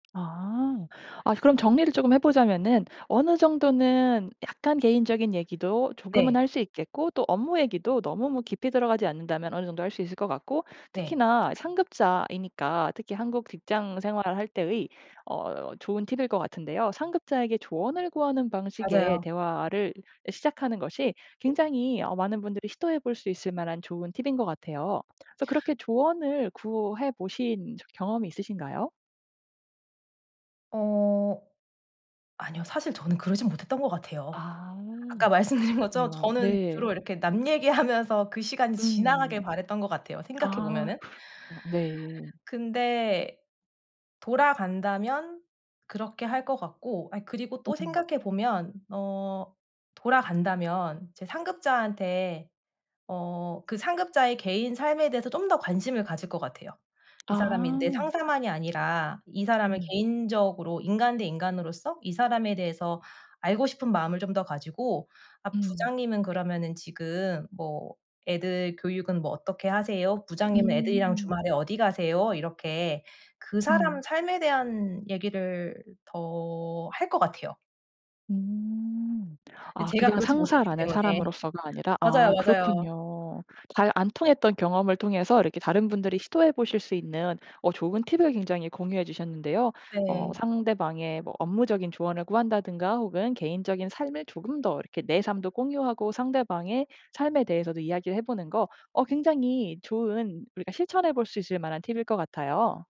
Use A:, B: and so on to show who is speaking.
A: 아. 아 그럼 정리를 조금 해보자면은 어느 정도는 약간 개인적인 얘기도 조금은
B: 네.
A: 할 수 있겠고 또 업무 얘기도 너무 뭐 깊이 들어가지 않는다면 어느 정도 할 수 있을 거 같고.
B: 네.
A: 특히나 상급자이니까 특히 한국 직장 생활을 할 때의 어 좋은 팁일 것 같은데요. 상급자에게 조언을 구하는 방식의
B: 맞아요.
A: 대화를 시작하는 것이 굉장히 어 많은 분들이 시도해볼 수 있을 만한 좋은 팁인 거 같아요. 그래서 그렇게 조언을 구해 보신 적이 경험이 있으신가요?
B: 어 아니요. 사실 저는 그러지는 못했던 것 같아요,
A: 아
B: 아까 말씀드린 것처럼
A: 그렇군요.
B: 저는
A: 네.
B: 주로 이렇게 남 얘기하면서 그 시간이 지나가길
A: 음.
B: 바랐던 것 같아요, 생각해
A: 아
B: 보면은.
A: 그렇구 네.
B: 근데 돌아간다면 그렇게 할 것 같고, 아 그리고 또
A: 음음.
B: 생각해 보면 어 돌아간다면 제 상급자한테 어 그 상급자의 개인 삶에 대해서 좀 더 관심을 가질 것 같아요. 이 사람이 내
A: 아
B: 상사만이 아니라 이 사람을
A: 음.
B: 개인적으로 인간 대 인간으로서 이 사람에 대해서 알고 싶은 마음을 좀 더 가지고 아
A: 음.
B: "부장님은 그러면은 지금 뭐 애들 교육은 뭐 어떻게 하세요? 부장님은 애들이랑
A: 음.
B: 주말에 어디 가세요?" 이렇게 그 사람
A: 음.
B: 삶에 대한 얘기를 더 할 것 같아요.
A: 음.
B: 근데
A: 아
B: 제가
A: 그냥
B: 그러지 못했기
A: 상사라는
B: 때문에.
A: 사람으로서가 아니라
B: 맞아요,
A: 아
B: 맞아요.
A: 그렇군요. 잘 안 통했던 경험을 통해서 이렇게 다른 분들이 시도해 보실 수 있는 어 좋은 팁을 굉장히 공유해 주셨는데요. 어
B: 네.
A: 상대방의 뭐 업무적인 조언을 구한다든가 혹은 개인적인 삶을 조금 더 이렇게 내 삶도 공유하고 상대방의 삶에 대해서도 이야기를 해보는 거 어 굉장히 좋은, 우리가 실천해볼 수 있을 만한 팁일 것 같아요.